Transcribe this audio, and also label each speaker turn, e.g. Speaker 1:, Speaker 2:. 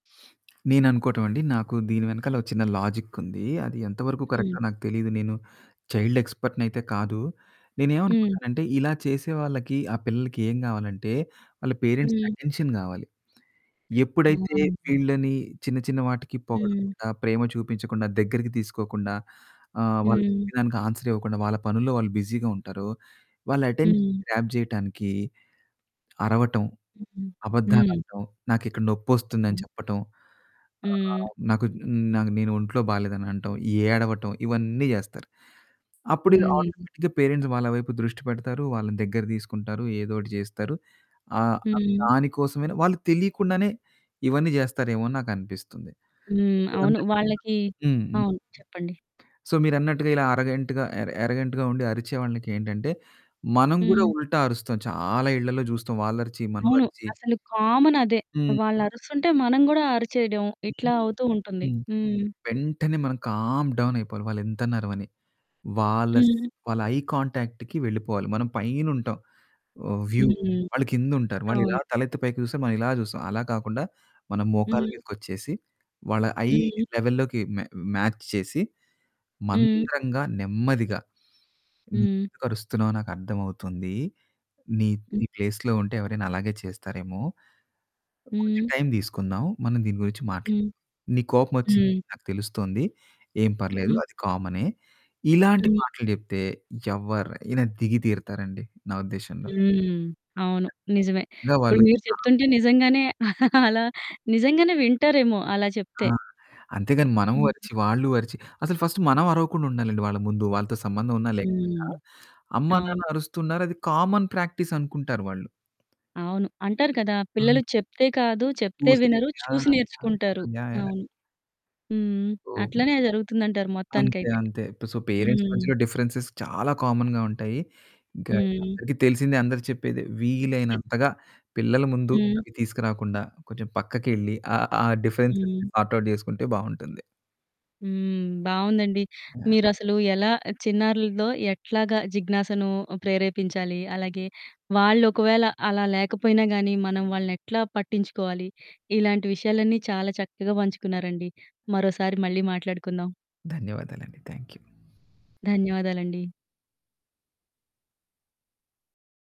Speaker 1: నేననుకోవటం అండి. నాకు దీని వెనకాల ఒక చిన్న లాజిక్ ఉంది. అది ఎంత వరకు
Speaker 2: హ్మ్.
Speaker 1: కరెక్టో నాకు తెలియదు. నేను చైల్డ్ ఎక్స్పర్ట్ అయితే కాదు.
Speaker 2: హ్మ్.
Speaker 1: నేనేవనుకుంటానంటే, ఇలా చేసేవాళ్ళకి, ఆ పిల్లలకి ఏం కావాలంటే వాళ్ళ పేరెంట్స్‌కి
Speaker 2: హ్మ్.
Speaker 1: అటెన్షన్ కావాలి.
Speaker 2: ఆ!
Speaker 1: ఎప్పుడైతే
Speaker 2: ఆ!
Speaker 1: వీళ్ళని చిన్న చిన్న వాటికి
Speaker 2: హ్మ్.
Speaker 1: పొగడకుండా, ప్రేమ చూపించకుండా, దగ్గరికి తీసుకోకుండా, ఆహ్, వాళ్ళు
Speaker 2: హ్మ్.
Speaker 1: చెప్పిన దానికి ఆన్స్వెర్ ఇవ్వకుండా, వాళ్ళ పనుల్లో వాళ్ళు బిజీగా ఉంటారో, వాళ్ళ అటెన్షన్
Speaker 2: హ్మ్.
Speaker 1: గ్రాబ్ చేయటానికి అరవటం,
Speaker 2: హుహు. హ్మ్.
Speaker 1: అబద్ధాలాడటం, నాకిక్కడ నొప్పొస్తుందని
Speaker 2: హ్మ్.
Speaker 1: చెప్పటం, ఆహ్,
Speaker 2: హ్మ్.
Speaker 1: నాకు నేను ఒంట్లో బాలేదని అనటం, ఏడవటం ఇవన్నీ చేస్తారు. అప్పుడు
Speaker 2: హ్మ్.
Speaker 1: ఆటోమేటిక్‌గా పేరెంట్స్ వాళ్ళ వైపు దృష్టి పెడతారు. వాళ్ళని దగ్గర తీసుకుంటారు. ఏదో ఒకటి చేస్తారు. ఆహ్,
Speaker 2: హ్మ్.
Speaker 1: దాని కోసమే వాళ్ళు తెలియకుండానే ఇవన్నీ చేస్తారేమో అని నాకనిపిస్తుంది.
Speaker 2: హ్మ్. అవును.
Speaker 1: [unintelligible]
Speaker 2: వాళ్ళకి
Speaker 1: హ్మ్.
Speaker 2: అవును, చెప్పండి.
Speaker 1: సో, మీరన్నట్టుగా ఇలా అరోగెంట్‌గా, ఎరోగెంట్‌గా ఉండి అరిచే వాళ్ళకేంటంటే, మనం కూడా
Speaker 2: హ్మ్.
Speaker 1: ఉల్టా అరుస్తాం. చాలా ఇళ్ళలో చూస్తాం. వాళ్ళు అరిచి, మనం
Speaker 2: అవును.
Speaker 1: అరిచి
Speaker 2: అసలు కామనదే.
Speaker 1: హ్మ్.
Speaker 2: వాళ్ళు అరుస్తుంటే, మనం కూడా అరిచేయడం ఇట్లా
Speaker 1: హుహు.
Speaker 2: అవుతూ ఉంటుంది.
Speaker 1: హ్మ్,
Speaker 2: హ్మ్.
Speaker 1: వెంటనే మనం కామ్ డౌన్ అయిపోవాలి. వాళ్ళు ఎంతన్న అరవని. వాళ్ళ,
Speaker 2: హ్మ్.
Speaker 1: వాళ్ళ ఐ కాంటాక్ట్‌కి వెళ్ళిపోవాలి. మనం పైన ఉంటాం. వ్యూ
Speaker 2: హుహు.
Speaker 1: వాళ్ళు కింద ఉంటారు. వాళ్ళు ఇలా
Speaker 2: అవును.
Speaker 1: తలెత్తి పైకి చూస్తే మనం ఇలా చూస్తాం. అలా కాకుండా మనం మోకాళ్ళ
Speaker 2: హ్మ్.
Speaker 1: మీదకి వచ్చేసి, వాళ్ళ ఐ
Speaker 2: హ్మ్.
Speaker 1: లెవెల్‌లోకి మ్యా మ్యాచ్ చేసి,
Speaker 2: హ్మ్.
Speaker 1: మంద్రంగా, నెమ్మదిగా, "నువ్వు
Speaker 2: హ్మ్.
Speaker 1: ఎందుకు అరుస్తున్నావో నాకు అర్థమవుతుంది. నీ
Speaker 2: హ్మ్.
Speaker 1: ప్లేస్‌లో ఉంటే ఎవరైనా అలాగే చేస్తారేమో. కొంచెం
Speaker 2: హ్మ్.
Speaker 1: టైమ్ తీసుకుందాం. మనం దీని గురించి మాట్లాడుదాం.
Speaker 2: హ్మ్.
Speaker 1: నీకు కోపం వచ్చింది
Speaker 2: హ్మ్.
Speaker 1: నాకు తెలుస్తుంది. ఏం పర్లేదు.
Speaker 2: హ్మ్.
Speaker 1: అది కామనే." ఇలాంటి
Speaker 2: హ్మ్.
Speaker 1: మాటలు చెప్తే ఎవరైనా దిగి తీరుతారండి. నా ఉద్దేశంలో.
Speaker 2: హ్మ్. అవును, నిజమే.
Speaker 1: ఇంకా
Speaker 2: ఇప్పుడు
Speaker 1: వాళ్ళు
Speaker 2: మీరు
Speaker 1: చా
Speaker 2: చెప్తుంటే నిజంగానే అలా నిజంగానే వింటారేమో అలా
Speaker 1: ఆ!
Speaker 2: చెప్తే.
Speaker 1: అంతేగాని మనం
Speaker 2: హ్మ్.
Speaker 1: అరిచి, వాళ్ళు అరిచి. అసలు ఫస్ట్ మనం అరవకుండా ఉండాలి. వాళ్ళ ముందు, వాళ్ళతో సంబంధం ఉన్నా లేకపోయినా,
Speaker 2: హ్మ్.
Speaker 1: అమ్మా
Speaker 2: అవును.
Speaker 1: నాన్న అరుస్తున్నారు. అది కామన్ ప్రాక్టీస్ అనుకుంటారు వాళ్ళు.
Speaker 2: అవును. అంటారు కదా పిల్లలు
Speaker 1: అవును.
Speaker 2: చెప్తే కాదు. చెప్తే
Speaker 1: [unintelligible]
Speaker 2: వినరు చూసి
Speaker 1: యాహ్!
Speaker 2: నేర్చుకుంటారు.
Speaker 1: యాహ్! యాహ్!
Speaker 2: అవును. హ్మ్.
Speaker 1: ఓహ్!
Speaker 2: అట్లనే జరుగుతుందంటారు
Speaker 1: అంతే,
Speaker 2: మొత్తానికైతే.
Speaker 1: అంతే. సో, పేరెంట్స్
Speaker 2: హ్మ్.
Speaker 1: మధ్యలో డిఫరెన్సెస్ చాలా కామన్‌గా ఉంటాయి. ఇంకా
Speaker 2: హ్మ్.
Speaker 1: అందరికీ తెలిసిందే. అందరూ చెప్పేది
Speaker 2: హ్మ్.
Speaker 1: వీలైనంతగా పిల్లల ముందు
Speaker 2: హ్మ్.
Speaker 1: అవి తీసుకురాకుండా, కొంచెం పక్కకెళ్ళి ఆ ఆహ్, డిఫరెన్సెస్‌ని
Speaker 2: హ్మ్.
Speaker 1: సార్ట్ ఔట్ చేసుకుంటే బాగుంటుంది.
Speaker 2: హ్మ్. బాగుందండి.
Speaker 1: యాహ్!
Speaker 2: మీరసలు ఎలా చిన్నారులల్లో ఎట్లాగా జిజ్ఞాసను ప్రేరేపించాలి, అలాగే వాళ్ళు ఒకవేళ అలా లేకపోయినా కానీ మనం వాళ్ళని ఎట్లా పట్టించుకోవాలి, ఇలాంటి విషయాలన్నీ చాలా చక్కగా పంచుకున్నారండి. మరోసారి మళ్ళీ మాట్లాడుకుందాం.
Speaker 1: ధన్యవాదాలు అండి. Thank you.
Speaker 2: ధన్యవాదాలండీ.